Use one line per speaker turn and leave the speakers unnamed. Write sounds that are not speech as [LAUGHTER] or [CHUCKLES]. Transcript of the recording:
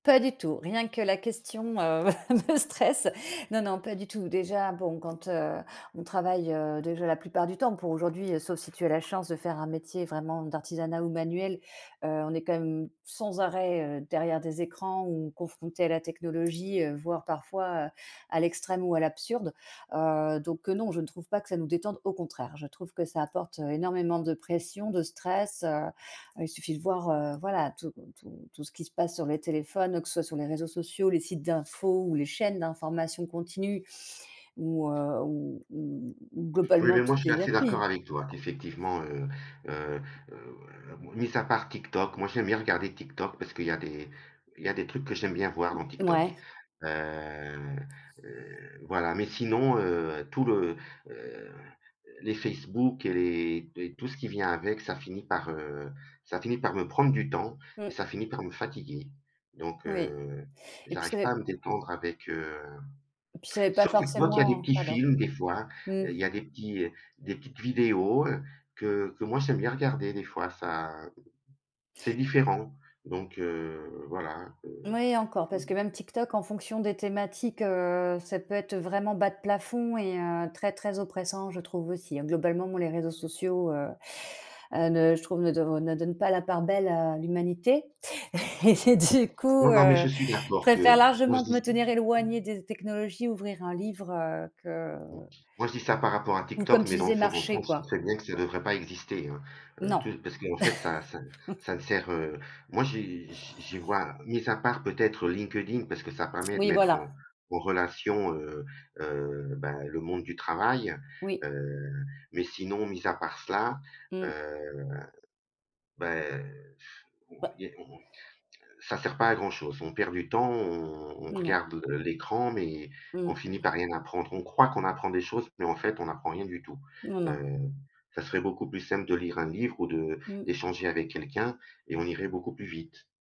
Pas du tout, rien que la question, heu, me stresse. Non, non, pas du tout, déjà, bon, quand, heu, on travaille, heu, déjà, la plupart du temps, pour aujourd'hui, sauf si tu as la chance de faire un métier vraiment d'artisanat ou manuel, heu, on est quand même sans arrêt, heu, derrière des écrans ou confrontés à la technologie, heu, voire parfois à à l'extrême ou à l'absurde. Heu, donc, heu, non, je ne trouve pas que ça nous détende, au contraire, je trouve que ça apporte, heu, énormément de pression, de stress, heu, il suffit de voir, heu, voilà, tout tout tout ce qui se passe sur les téléphones, que ce soit sur les réseaux sociaux, les sites d'info ou les chaînes d'information continue ou, heu, ou ou ou
Oui, mais
globalement
moi,
toutes
je suis
les
assez d'accord
applis.
avec toi. Effectivement, heu, heu, heu, [UNINTELLIGIBLE] mis à part TikTok, moi, j'aime bien regarder TikTok, parce qu'il y a des il y a des trucs que j'aime bien voir, dans TikTok,
Mouais.
heu, heu, voilà. Mais sinon, heu, tout le, heu, heu, les Facebook et les et tout ce qui vient avec, ça finit par, heu, ça finit par me prendre du temps et
Mmh.
ça finit par me fatiguer, donc,
Oui
heu,
et puis
j'arrive
ça, heu
pas à me détendre avec, heu.
et puis ça fait pas
Sur TikTok, il y a des
forcément
petits
pardon.
films, des fois,
Mmh.
il y a des petits des petites vidéos, heu, que que, moi, j'aime bien regarder, des fois, ça, c'est différent. Donc, heu, voilà, heu
Oui, et encore, parce que même TikTok, en fonction des thématiques, heu, ça peut être vraiment bas de plafond et heu, très très oppressant, je trouve aussi, globalement, moi, les réseaux sociaux, heu, heu, ne je trouve, ne ne donnent pas la part belle à l'humanité et-et du coup,
Non, non, mais je
heu,
suis
je
d'accord
préfère
que moi,
largement
je
de me
dis
tenir
s
éloignée des technologies ouvrir un livre, heu, que
mmh. Moi je dis ça par rapport à
ou,
TikTok,
comme tu
mais dans le
disais,
fond dans le fond,
marcher,
je sais
quoi.
très bien que ça devrait pas exister, hein, heu,
Non.
tout parce qu'en fait, ça ça ça ne
[CHUCKLES]
sert, heu, moi, j'y j'y j'y vois, mis à part, peut-être, heu, LinkedIn parce que ça permet de
Oui,
mettre
voilà.
en en relation, heu, heu, ben, le monde du travail,
Oui.
heu, mais sinon mis à part cela,
Mmh. [CHUCKLES]
heu, bah, eh, [BLOWS AIR] on
Bah!
i on on ça sert pas à grand chose, on perd du temps on on
Non.
regarde le l'écran, mais on
Mmh.
finit par rien apprendre. On croit qu'on apprend des choses mais, en fait, on n'apprend rien du tout.
Non non.
Heu, ça serait beaucoup plus simple de lire un livre ou de
Mmh.
d'échanger avec quelqu'un et on irait beaucoup plus vite.